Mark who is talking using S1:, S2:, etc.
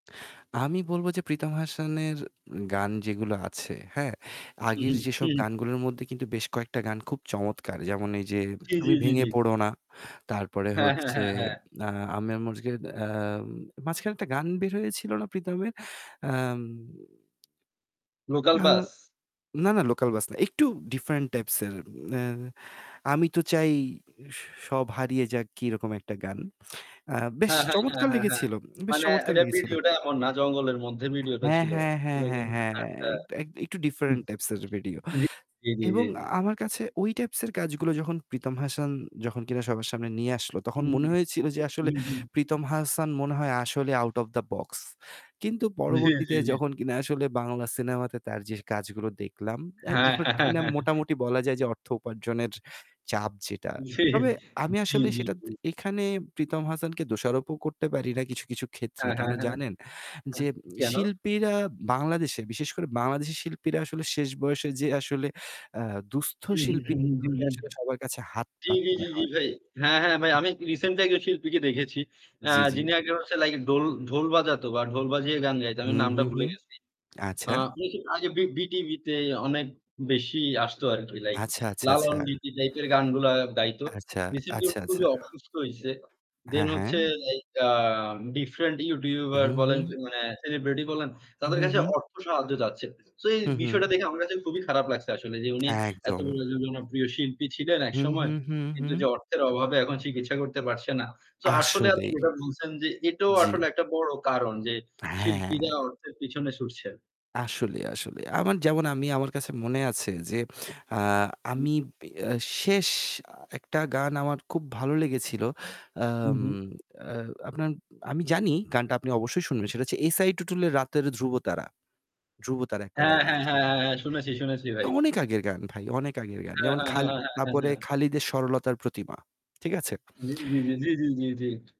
S1: আমি বলব যে প্রীতম হাসানের গান যেগুলো আছে, হ্যাঁ,
S2: হুম,
S1: আগের
S2: হুম,
S1: যেসব
S2: হুম।
S1: গানগুলোর মধ্যে কিন্তু বেশ কয়েকটা গান খুব চমৎকার। যেমন এই যে
S2: জ্বী,
S1: 'তুমি
S2: জ্বী, জ্বী,
S1: ভেঙে
S2: জ্বী।
S1: পড়ো না।' তারপরে
S2: হ্যাঁ, হ্যাঁ,
S1: হচ্ছে
S2: হ্যাঁ, হ্যাঁ।
S1: আ আমের মসজিদ আম মাঝখানে একটা গান বের হয়েছিল না প্রীতমের? আম
S2: লোকাল
S1: না।
S2: বাস?
S1: না, না। লোকাল বাস না। একটু ডিফারেন্ট টাইপস এর। নে আমি তো চাই স সব হারিয়ে যাক কিরকম একটা গান। আ বেশ
S2: হ্যাঁ, হ্যাঁ, হ্যাঁ,
S1: চমৎকার
S2: হ্যাঁ, হ্যাঁ।
S1: লেগেছিল। বেশ
S2: মানে
S1: চমৎকার
S2: এটা
S1: লেগেছিল।
S2: ভিডিওটা এমন না জঙ্গলের মধ্যে ভিডিওটা
S1: হ্যাঁ,
S2: ছিল।
S1: হ্যাঁ, হ্যাঁ, হ্যাঁ,
S2: [unintelligible]
S1: হ্যাঁ।
S2: আচ্ছা।
S1: এক একটু
S2: হু।
S1: ডিফারেন্ট টাইপস এর ভিডিও।
S2: জী, জী, জী,
S1: এবং
S2: জী।
S1: আমার কাছে ওই টাইপস এর কাজগুলো যখন প্রীতম হাসান যখন কিনা সবার সামনে নিয়ে আসলো তখন
S2: হুম,
S1: মনে
S2: হুম,
S1: হয়েছিল যে আসলে
S2: হুম, হুম।
S1: প্রীতম হাসান মনে হয় আসলে আউট ওফ দা বক্স। কিন্তু
S2: জ্বী, জ্বী,
S1: পরবর্তীতে
S2: জ্বী।
S1: যখন কিনা আসলে বাংলা সিনেমাতে তার যে কাজগুলো দেখলাম আ
S2: হ্যাঁ।
S1: [unintelligible] যে মোটামুটি বলা যায় যে অর্থ উপার্জনের চাপ যেটা।
S2: জী।
S1: তবে আমি
S2: জী,
S1: আসলে
S2: জী,
S1: সেটা
S2: জী।
S1: দ এখানে প্রীতম হাসানকে দোষারোপও করতে পারি না কিছু, কিছু ক্ষেত্রে।
S2: হ্যাঁ,
S1: কেন
S2: হ্যাঁ, হ্যাঁ।
S1: জানেন?
S2: এহ
S1: যে
S2: কেন?
S1: শিল্পীরা বাংলাদেশে বিশেষ করে বাংলাদেশি শিল্পীরা আসলে শেষ বয়সে যে আসলে আ দুঃস্থ
S2: উহু,
S1: শিল্পী
S2: হুম, হুম, হুম,
S1: হিসেবে
S2: হুম।
S1: আসলে সবার কাছে হাত
S2: জ্বি, জ্বি,
S1: পাততে
S2: জ্বি, জ্বি
S1: হয়।
S2: ভাই। হ্যাঁ, হ্যাঁ ভাই আমি রিসেন্টলি একজন শিল্পীকে দেখেছি। এ
S1: জ্বি, জ্বি।
S2: যিনি আগে হচ্ছে লাইক ঢোল ঢোল বাজাতো বা ঢোল বাজিয়ে গান গাইতো।
S1: হু,
S2: আমি
S1: হু,
S2: নামটা
S1: হু।
S2: ভুলে গেছি। আ
S1: আচ্ছা।
S2: আপনি কি ঐযে বি বিটিভিতে অনেক বেশি আসতো আরকি। লাইক
S1: আচ্ছা, আচ্ছা, আচ্ছা।
S2: লালন গীতি টাইপের গানগুলা গাইত।
S1: আচ্ছা,
S2: রিসেন্টলি
S1: আচ্ছা, আচ্ছা।
S2: খুবই অসুস্থ হইছে। দেন
S1: হ্যাঁ, হ্যাঁ।
S2: হচ্ছে এইটা ডিফারেন্ট ইউটিউবার
S1: উহু,
S2: বলেন
S1: হু।
S2: মানে সেলিব্রিটি বলেন তাদের
S1: উহু,
S2: কাছে
S1: হু।
S2: অর্থ সাহায্য চাচ্ছে। সো এই
S1: হু, হু।
S2: বিষয়টা দেখে আমার কাছে খুবই খারাপ লাগছে আসলে যে উনি এত
S1: একদম।
S2: [unintelligible] জনপ্রিয় শিল্পী ছিলেন
S1: হু, হু,
S2: একসময়।
S1: হু,
S2: কিন্তু
S1: হু।
S2: যে অর্থের অভাবে এখন চিকিৎসা করতে পারছে না। সো আসলে আপনি
S1: আসলেই।
S2: যেটা বলছেন যে এটাও
S1: জ্বি।
S2: আসলে একটা বড় কারণ যে
S1: হ্যাঁ।
S2: শিল্পীরা অর্থের পিছনে ছুটছে।
S1: আসলেই, আসলেই। আমার যেমন আমি আমার কাছে মনে আছে যে আ
S2: হুম।
S1: আমি এ শেষ আ একটা গান আমার খুব ভালো লেগেছিল।
S2: হু,
S1: আম
S2: হু।
S1: আ আপনার আমি জানি গানটা আপনি অবশ্যই শুনবেন। সেটা হচ্ছে এস আই টুটুল 'রাতের ধ্রুবতারা'। 'ধ্রুবতারা' একটা
S2: হ্যাঁ,
S1: গান
S2: হ্যাঁ,
S1: আছে।
S2: হ্যাঁ, হ্যাঁ। শুনেছি, শুনেছি ভাই।
S1: অনেক আগের গান ভাই, অনেক আগের গান।
S2: হ্যাঁ,
S1: যেমন
S2: হ্যাঁ, হ্যাঁ,
S1: খাল
S2: হ্যাঁ,
S1: না
S2: হ্যাঁ,
S1: পড়ে
S2: হ্যাঁ।
S1: খালিদের 'সরলতার প্রতিমা।' ঠিক আছে?
S2: জ্বী, জ্বী, জ্বী, জ্বী, জ্বী, জ্বী, জ্বী।